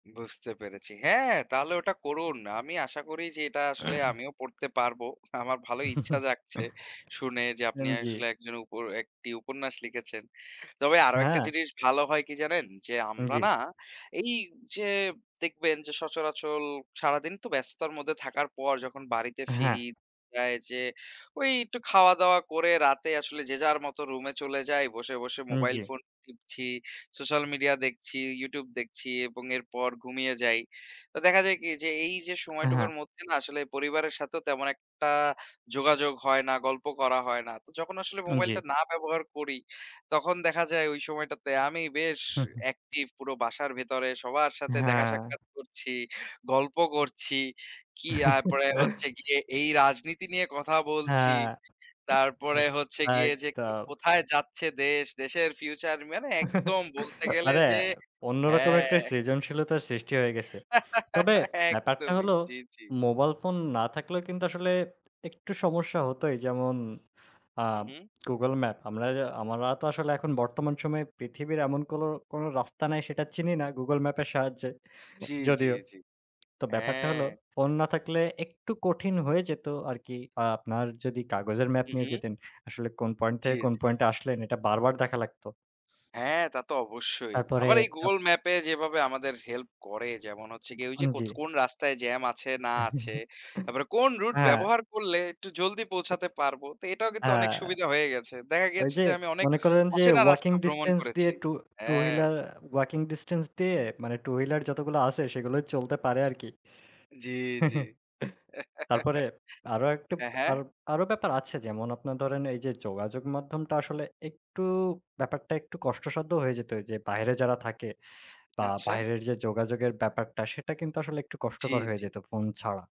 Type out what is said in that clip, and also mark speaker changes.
Speaker 1: বুঝতে পেরেছি। হ্যাঁ, তাহলে ওটা করুন। আমি আশা করি যে এটা আসলে আমিও পড়তে পারবো। আমার ভালো ইচ্ছা জাগছে শুনে যে আপনি
Speaker 2: এন জি।
Speaker 1: আসলে একজন উপর একটি উপন্যাস লিখেছেন। তবে আরো একটা
Speaker 2: হ্যাঁ।
Speaker 1: জিনিস ভালো হয় কি জানেন? যে
Speaker 2: উম
Speaker 1: আমরা
Speaker 2: জি।
Speaker 1: না এই যে, দেখবেন যে সচরাচর সারাদিন তো ব্যস্ততার মধ্যে থাকার পর যখন বাড়িতে
Speaker 2: হ্যাঁ।
Speaker 1: ফিরি, আ যে ওই একটু খাওয়া দাওয়া করে রাতে আসলে যে যার মতো রুমে চলে যাই বসে বসে
Speaker 2: উম
Speaker 1: মোবাইল
Speaker 2: জি।
Speaker 1: ফোন টিপছি, সোশ্যাল মিডিয়া দেখছি, ইউটিউব দেখছি এবং এরপর ঘুমিয়ে যাই। তো দেখা যায় কি যে, এই যে সময়টুকুর
Speaker 2: হ্যাঁ।
Speaker 1: মধ্যে না আসলে পরিবারের সাথেও তেমন একটা যোগাযোগ হয় না, গল্প করা হয় না। তো যখন আসলে
Speaker 2: উন জি।
Speaker 1: মোবাইলটা না ব্যবহার করি, তখন দেখা যায় ওই সময়টাতে আমি বেশ
Speaker 2: হু, হু।
Speaker 1: অ্যাকটিভ পুরো বাসার ভেতরে সবার সাথে দেখা
Speaker 2: হ্যাঁ।
Speaker 1: সাক্ষাৎ করছি, গল্প করছি। কি, তারপরে হচ্ছে গিয়ে এই রাজনীতি নিয়ে কথা বলছি।
Speaker 2: হ্যাঁ।
Speaker 1: তারপরে হচ্ছে গিয়ে যে
Speaker 2: একদম।
Speaker 1: কোথায় যাচ্ছে দেশ দেশের ফিউচার মানে একদম বলতে গেলে
Speaker 2: আরে
Speaker 1: যে
Speaker 2: অন্য রকম একটা,
Speaker 1: হ্যাঁ।
Speaker 2: সৃজনশীলতার সৃষ্টি হয়ে গেছে। তবে ব্যাপারটা
Speaker 1: একদমই।
Speaker 2: হল
Speaker 1: জি, জি।
Speaker 2: মোবাইল ফোন না থাকলেও কিন্তু আসলে, একটু সমস্যা হতই যেমন আ
Speaker 1: হু, হু।
Speaker 2: Google map. আমরা আমার তো আসলে এখন বর্তমান সময়ে পৃথিবীর এমন, কোন, কোন রাস্তা নাই সেটা চিনি না গুগল ম্যাপের সাহায্যে
Speaker 1: জি, জি,
Speaker 2: যদিও।
Speaker 1: জি।
Speaker 2: তো ব্যাপারটা হল
Speaker 1: হ্যাঁ।
Speaker 2: ফোন না থাকলে একটু কঠিন হয়ে যেত আরকি। আপনার যদি কাগজের ম্যাপ
Speaker 1: হু,
Speaker 2: নিয়ে
Speaker 1: হু।
Speaker 2: যেতেন আসলে কোন পয়েন্ট
Speaker 1: জি,
Speaker 2: থেকে কোন
Speaker 1: জি।
Speaker 2: পয়েন্টে আসলেন এটা বারবার দেখা লাগতো।
Speaker 1: হ্যাঁ, তা তো অবশ্যই।
Speaker 2: তারপরে।
Speaker 1: আবার এই
Speaker 2: আপ
Speaker 1: গুগল ম্যাপে যেভাবে আমাদের হেল্প করে যেমন হচ্ছে গিয়ে, ঐযে
Speaker 2: উন
Speaker 1: কোথ
Speaker 2: জি।
Speaker 1: কোন রাস্তায় জ্যাম আছে না আছে। তারপরে কোন রুট
Speaker 2: হ্যাঁ।
Speaker 1: ব্যবহার করলে একটু জলদি পৌঁছাতে পারবো। তো এটাও কিন্তু, অনেক
Speaker 2: হ্যাঁ।
Speaker 1: সুবিধা হয়ে গেছে। দেখা
Speaker 2: ওই
Speaker 1: গেছে
Speaker 2: যে,
Speaker 1: যে আমি অনেক
Speaker 2: মনে করেন যে
Speaker 1: অচেনা
Speaker 2: ওয়াকিং
Speaker 1: রাস্তা ভ্রমণ
Speaker 2: ডিসট্যান্স দিয়ে
Speaker 1: করেছি।
Speaker 2: টু টু
Speaker 1: হ্যাঁ।
Speaker 2: হুইলার ওয়াকিং ডিসট্যান্স দিয়ে মানে টু হুইলার যতগুলো আছে সেগুলোই চলতে পারে আরকি।
Speaker 1: জি, জি।
Speaker 2: তারপরে আরো একটু,
Speaker 1: হ্যাঁ, হ্যাঁ!
Speaker 2: বেপ আরও ব্যাপার আছে। যেমন আপনার ধরেন এই যে যোগাযোগ মাধ্যমটা আসলে একটু ব্যাপারটা একটু কষ্টসাধ্য হয়ে যেত। যে বাইরে যারা থাকে বা
Speaker 1: আচ্ছা।
Speaker 2: বাইরের যে, যোগাযোগের ব্যাপারটা সেটা কিন্তু আসলে একটু
Speaker 1: জি,
Speaker 2: কষ্টকর হয়ে
Speaker 1: জি।
Speaker 2: যেত ফোন ছাড়া।